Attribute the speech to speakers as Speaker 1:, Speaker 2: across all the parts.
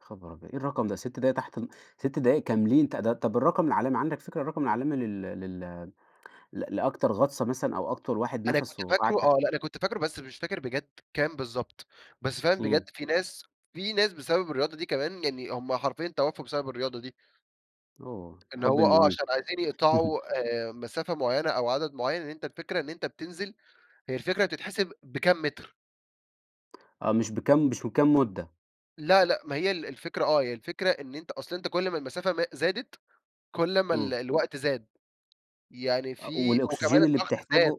Speaker 1: ياخبر أبيض! إيه الرقم ده؟ 6 دقايق تحت ال 6 دقايق كاملين، ت ده طب الرقم العالمي، عندك فكرة الرقم العالمي، لل لل ل لأكتر غَطسة مثلًا، أو أكتر واحد
Speaker 2: أنا كُنت
Speaker 1: نَفَسُه قعد
Speaker 2: فاكره
Speaker 1: تحت
Speaker 2: آه، لأ أنا كنت فاكره بس مش فاكر بجد كام بالضبط، بس فعلًا بجد
Speaker 1: امم.
Speaker 2: في ناس، في ناس بسبب الرياضة دي كمان يعني هم حرفيًا توفوا بسبب الرياضة دي.
Speaker 1: oh
Speaker 2: إن
Speaker 1: الحب
Speaker 2: هو آه،
Speaker 1: المُميت
Speaker 2: عشان عايزين يقطعوا آآ مسافة معينة أو عدد معين، إن أنتَ الفكرة إن أنتَ بتنزل، هي الفكرة بتتحسب بكام متر.
Speaker 1: آه، مش بكام مش بكام مُدَّة؟
Speaker 2: لا، لأ، ما هي ال الفكرة آه، هي الفكرة إن أنتَ أصل أنتَ كل ما المسافة ما زادت كل ما ال
Speaker 1: امم.
Speaker 2: الوقت زاد يعني
Speaker 1: آه
Speaker 2: في وكمان
Speaker 1: والأُكسجين اللي
Speaker 2: الضغط زاد،
Speaker 1: بتحتاجه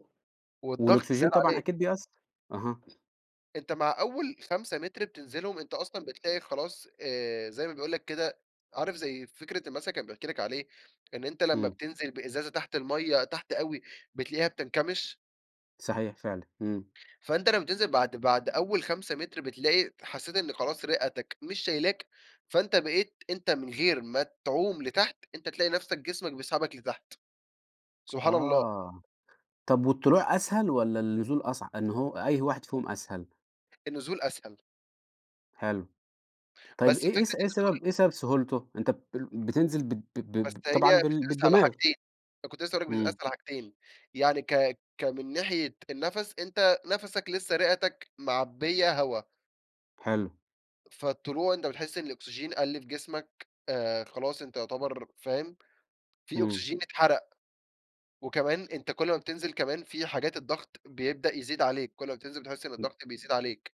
Speaker 2: والضغط زاد
Speaker 1: والأُكسجين طبعًا
Speaker 2: عليك.
Speaker 1: أكيد بيأثَّر. أها.
Speaker 2: أنتَ مع أول 5 مِتر بتنزلهم، أنتَ أصلًا بتلاقي خلاص آآ زي ما بيقول لَك كده، عارف زي فكرة المثل كان بيحكي لك عليه، إن أنتَ لمّا
Speaker 1: امم.
Speaker 2: بتنزل بإزازة تحت المَايَّة تحت أوي بتلاقيها بتنكمش.
Speaker 1: صحيح فعلًا، امم.
Speaker 2: فأنتَ لمّا بتنزل بعد بعد أول 5 مِتر، بتلاقي حسِّيت إن خلاص رِئَتك مش شايلاك، فأنتَ بقيت أنتَ من غير ما تعوم لتحت، أنتَ تلاقي نفسَك جسمك بيسحبك لتحت. سبحان الله.
Speaker 1: آه، طَب والطلوع أسهل والَّا النزول أصع إن هو أي واحد فيهم أسهل؟
Speaker 2: النزول أسهل.
Speaker 1: حلو، طيب
Speaker 2: بس
Speaker 1: إيه
Speaker 2: فكرة
Speaker 1: إيه س إيه
Speaker 2: النزول
Speaker 1: سبب إيه سبب سهولته؟ أنتَ ب بتنزل ب ب ب ب
Speaker 2: بس
Speaker 1: طبعًا
Speaker 2: هي
Speaker 1: بال
Speaker 2: بتتقاس على
Speaker 1: بالدماغ.
Speaker 2: حاجتين، أنا كنت لسه هاقول لَك بتتقاس
Speaker 1: امم.
Speaker 2: على حاجتين، يعني ك ك من ناحية النَفَس، أنتَ نَفَسَك لسه رِئَتَك معبِّية هوا.
Speaker 1: حلو.
Speaker 2: فالطلوع أنتَ بتحس إن الأُكسجين قَل في جسمك، آآ خلاص أنتَ يُعتبر فاهم؟ في
Speaker 1: امم.
Speaker 2: أُكسجين اتحرَق، وكمان أنتَ كل ما بتنزل كمان في حاجات الضغط بيبدأ يزيد عليك، كل ما بتنزل بتحس إن
Speaker 1: [unintelligible]
Speaker 2: الضغط بيزيد عليك.